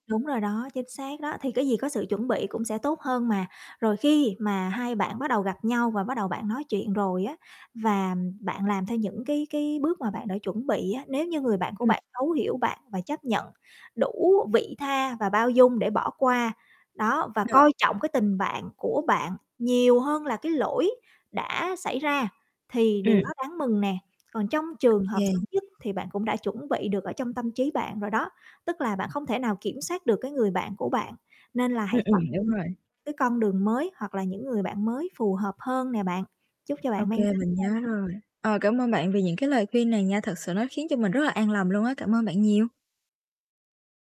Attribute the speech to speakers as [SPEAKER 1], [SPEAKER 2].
[SPEAKER 1] Đúng rồi đó, chính xác đó, thì cái gì có sự chuẩn bị cũng sẽ tốt hơn mà. Rồi khi mà hai bạn bắt đầu gặp nhau và bắt đầu bạn nói chuyện rồi á và bạn làm theo những cái cái bước mà bạn đã chuẩn bị á. Nếu như người bạn của
[SPEAKER 2] Ừm.
[SPEAKER 1] bạn thấu hiểu bạn và chấp nhận đủ vị tha và bao dung để bỏ qua, đó, và
[SPEAKER 2] Ờ.
[SPEAKER 1] coi trọng cái tình bạn của bạn nhiều hơn là cái lỗi đã xảy ra thì điều đó
[SPEAKER 2] Ừm.
[SPEAKER 1] đáng mừng nè. Còn trong
[SPEAKER 2] Ô
[SPEAKER 1] trường hợp
[SPEAKER 2] kê.
[SPEAKER 1] xấu nhất thì bạn cũng đã chuẩn bị được ở trong tâm trí bạn rồi đó, tức là bạn không thể nào kiểm soát được cái người bạn của bạn, nên là
[SPEAKER 2] Ừm,
[SPEAKER 1] hãy
[SPEAKER 2] ừm,
[SPEAKER 1] chọn
[SPEAKER 2] đúng rồi.
[SPEAKER 1] cho cái con đường mới, hoặc là những người bạn mới phù hợp hơn nè bạn. Chúc cho
[SPEAKER 2] Ô
[SPEAKER 1] bạn may
[SPEAKER 2] kê,
[SPEAKER 1] mắn
[SPEAKER 2] mình
[SPEAKER 1] nha.
[SPEAKER 2] nhớ rồi. Ờ, cảm ơn bạn vì những cái lời khuyên này nha, thật sự nó khiến cho mình rất là an lòng luôn á, cảm ơn bạn nhiều.